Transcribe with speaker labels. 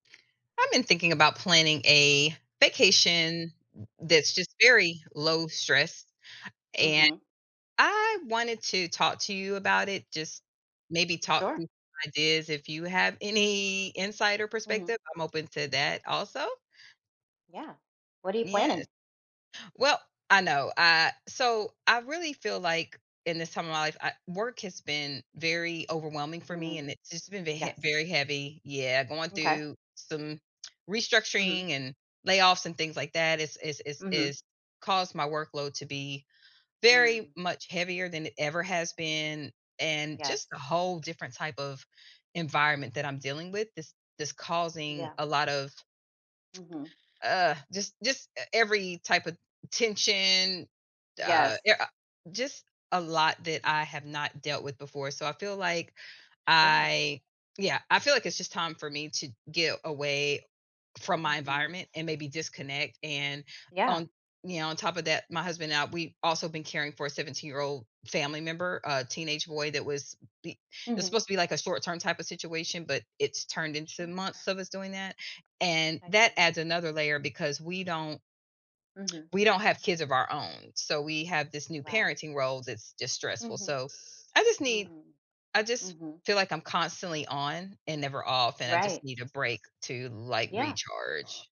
Speaker 1: I've been thinking about planning a vacation that's just very low-stress, and
Speaker 2: Mhm.
Speaker 1: I wanted to talk to you about it, just maybe talk
Speaker 2: Sure
Speaker 1: through some ideas if you have any insight or
Speaker 2: Mhm.
Speaker 1: perspective, I'm open to that also.
Speaker 2: Yeah, what are you
Speaker 1: Yes.
Speaker 2: planning?
Speaker 1: Well I know, ah So, I really feel like in this time of my life, I work has been very overwhelming for me
Speaker 2: Mm,
Speaker 1: and it's just been ve hea
Speaker 2: yes.
Speaker 1: very heavy Yeah, going
Speaker 2: M'kay.
Speaker 1: through some
Speaker 2: Mhm.
Speaker 1: restructuring and layoffs and things like that is is is
Speaker 2: Mhm.
Speaker 1: is caused my workload to be very
Speaker 2: Mm.
Speaker 1: much heavier than it ever has been, and just a
Speaker 2: Yes.
Speaker 1: whole different type of environment that I'm dealing with, this this causing
Speaker 2: Yeah.
Speaker 1: a lot of
Speaker 2: Mhm.
Speaker 1: ugh, just just e every type of tension, uh, i
Speaker 2: Yes.
Speaker 1: a just a lot that I have not dealt with before, so, I feel like
Speaker 2: Sure.
Speaker 1: I Yeah, I feel like it's just time for me to get away from my
Speaker 2: Mhm.
Speaker 1: environment and maybe disconnect, and
Speaker 2: Yeah.
Speaker 1: on Yeah, on top of that, my husband and I, we've also been caring for a 17-year-old family member, uh, teenage boy that was be it was
Speaker 2: Mhm.
Speaker 1: supposed to be, like, a short-term type of situation, but it's turned
Speaker 2: Su
Speaker 1: into months of us doing that, and
Speaker 2: I
Speaker 1: that
Speaker 2: see.
Speaker 1: adds another layer because we don't
Speaker 2: Mhm.
Speaker 1: we don't have kids of our own, so, we have this new
Speaker 2: Right.
Speaker 1: parenting role that's just stressful,
Speaker 2: Mhm.
Speaker 1: so, I just need
Speaker 2: Mm.
Speaker 1: I just
Speaker 2: Mhm.
Speaker 1: feel like I'm constantly on and never off, and I just
Speaker 2: Right.
Speaker 1: need a break to, like,
Speaker 2: Yeah.
Speaker 1: recharge.